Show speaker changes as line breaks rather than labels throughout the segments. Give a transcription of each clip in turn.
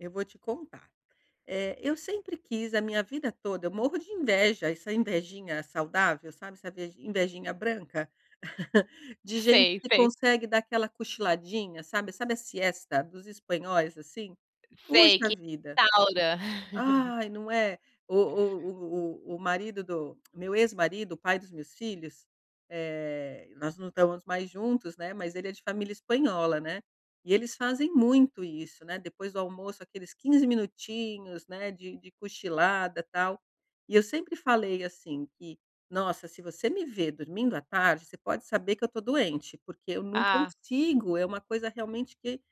Eu vou te contar. Eh, eu sempre quis a minha vida toda eu morro de inveja essa invejinha saudável, sabe, essa vejin invejinha branca, de gente
Sei,
que
sei.
consegue dar aquela cochiladinha, sabe sabe a siesta dos espanhóis, assim?
Sei,
Puxa
que [unintelligible]
vida!
taura.
Ai, não é? O o o o marido do meu ex-marido, o pai dos meus filhos, eh, nós não estamos mais juntos, né, mas ele é de família espanhola, né. E eles fazem muito isso, né, depois do almoço aqueles 15 minutinhos, né, de de cochilada, tal. E eu sempre falei assim, que: "Nossa, se você me ver dormindo à tarde, você pode saber que eu tô doente", porque eu não
Ah.
consigo, é uma coisa, realmente, que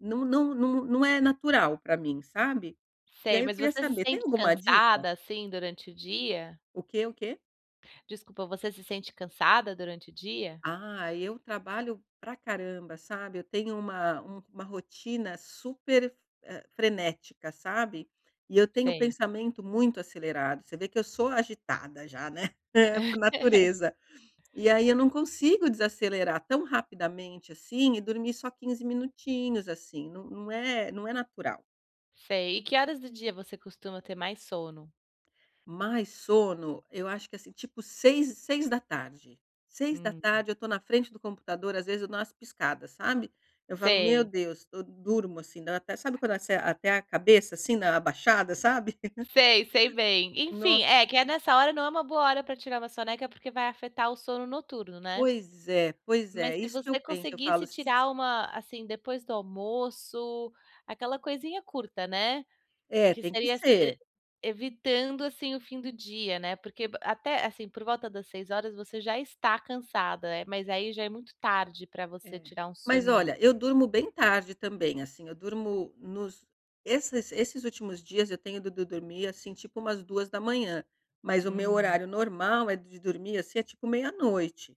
não não não não não é natural pra mim, sabe. E
Sei,
aí eu
mas
queria
você se
saber tem
sente
alguma dica?
cansada, assim, durante o dia?
O quê o quê?
Desculpa, você se sente cansada durante o dia?
Ah, eu trabalho pra caramba, sabe. Eu tenho uma uma rotina super f hã, frenética, sabe. E eu tenho o
Sei.
pensamento muito acelerado. Você vê que eu sou agitada, já, né, por natureza. E aí, eu não consigo desacelerar tão rapidamente, assim, e dormir só 15 minutinhos, assim. Não não é não é natural.
Sei. E que horas do dia você costuma ter mais sono?
Mais sono? Eu acho que, assim, tipo seis 18h. seis da
Hum.
tarde eu tô na frente do computador às vezes, eu dou umas piscadas, sabe. Eu falo: "Meu
Sei.
Deus" eu durmo, assim, dá até sabe quando ase até a cabeça, assim, dá uma abaixada sabe.
Sei, sei bem. Enfim
Nossa.
é, que é nessa hora não é uma boa hora pra tirar uma soneca, porque vai afetar o sono noturno, né.
Pois é, pois
Mas,
é.
se
Isso que eu
você
penso. Eu falo
conseguisse
s
tirar uma assim, depois do almoço. Aquela coisinha curta, né,
É,
que
tem que
seria se e
ser.
evitando, assim, o fim do dia, né, porque, a até assim, por volta das 18h você já está cansada, é, mas aí já é muito tarde pra você
É.
tirar um
Mas,
soninho.
olha, eu durmo bem tarde também, assim, eu durmo nos esses esses últimos dias, eu tenho do do ido dormir, assim, tipo umas 2h. Mas o meu
Uhum.
horário normal, eh, de dormir, assim, é tipo meia-noite.